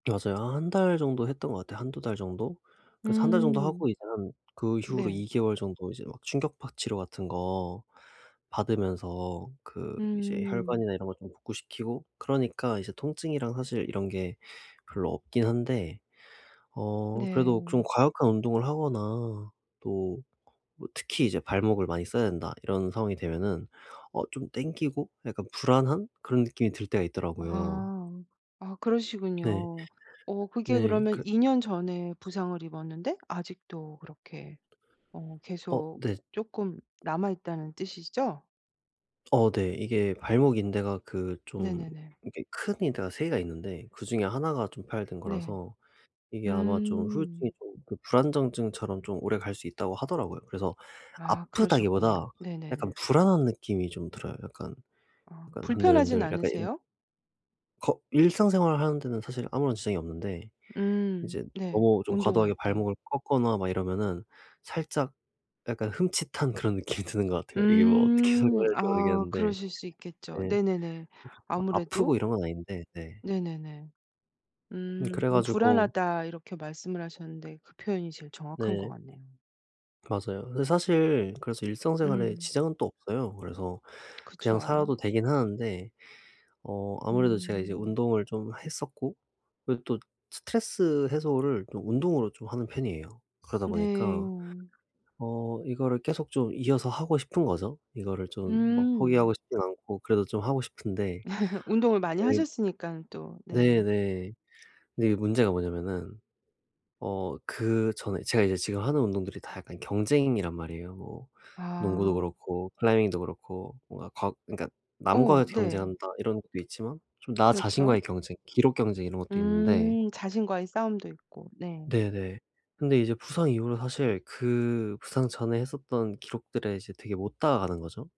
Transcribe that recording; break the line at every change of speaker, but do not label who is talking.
맞아요. 한 1 달 정도 했던 것 같아요. 1-2 달 정도? 그래서 1 달 정도 하고
음.
이제 한 그 이후로
네.
2 개월 정도 이제 막 충격파 치료 같은 거 받으면서 그 이제
음.
혈관이나 이런 거 좀 복구시키고 그러니까 이제 통증이랑 사실 이런 게 별로 없긴 한데. 어 그래도 좀
네.
과격한 운동을 하거나 또 특히 이제 발목을 많이 써야 된다 이런 상황이 되면은 어 좀 당기고? 약간 불안한? 그런 느낌이 들 때가 있더라고요.
아. 아
네.
그러시군요. 어 그게
네.
그러면
그
2 년 전에 부상을 입었는데 아직도 그렇게 어
어.
계속
네.
쪼끔 남아있다는 뜻이죠?
어 네 이게 발목 인대가 그 좀
네네네.
이게 큰 인대가 3 개가 있는데 그중에 1 가 좀 파열된
네.
거라서 이게 아마 좀 후유증이
음.
좀 불안정증처럼 좀 오래 갈 수 있다고 하더라고요. 그래서
아 그러셨군요.
아프다기보다 약간
네네네.
불안한 느낌이 좀 들어요. 약간
어
약간
불편하진
흔들흔들 약간 이런
않으세요?
거 일상생활을 하는 데는 사실 아무런 지장이 없는데
음.
이제
네.
너무 좀
운동할
과도하게
때.
발목을 꺾거나 막 이러면은 살짝 약간 흠칫한 그런 느낌이 드는 것 같아요. 이게 뭐 어떻게
음
설명해야 될지
아
모르겠는데.
그러실 수 있겠죠.
네.
네네네. 아무래도?
아프고 이런 건 아닌데 네.
네네네.
음
음
그래
그럼
가지고
"불안하다." 이렇게 말씀을 하셨는데 그 표현이 제일 정확한 것
네.
같네요.
맞아요. 근데 사실 그래서 일상 생활에
음.
지장은 또 없어요. 그래서 그냥
그쵸.
살아도 되긴 하는데 어 아무래도 제가 이제
음.
운동을 좀 했었고 그리고 또 스트레스 해소를 좀 운동으로 좀 하는 편이에요. 그러다 보니까
네.
어 이거를 계속 좀 이어서 하고 싶은 거죠. 이거를 좀 막 포기하고
음.
싶진 않고 그래도 좀 하고 싶은데.
운동을 많이
어이
하셨으니깐 또.
네
네.
네. 근데 이게 문제가 뭐냐하면은 어 그 전에 제가 이제 지금 하는 운동들이 다 약간 경쟁이란 말이에요. 뭐 농구도
아.
그렇고 클라이밍도 그렇고 뭔가 과 그러니깐
어
'남과
네.
경쟁한다.' 이런 것도 있지만 좀 나
그렇죠?
자신과의 경쟁 기록 경쟁 이런 것도 있는데
음 자신과의 싸움도 있고 네.
네네. 근데 이제 부상 이후로 사실 그 부상 전에 했었던 기록들에 이제 되게 못 다가가는 거죠?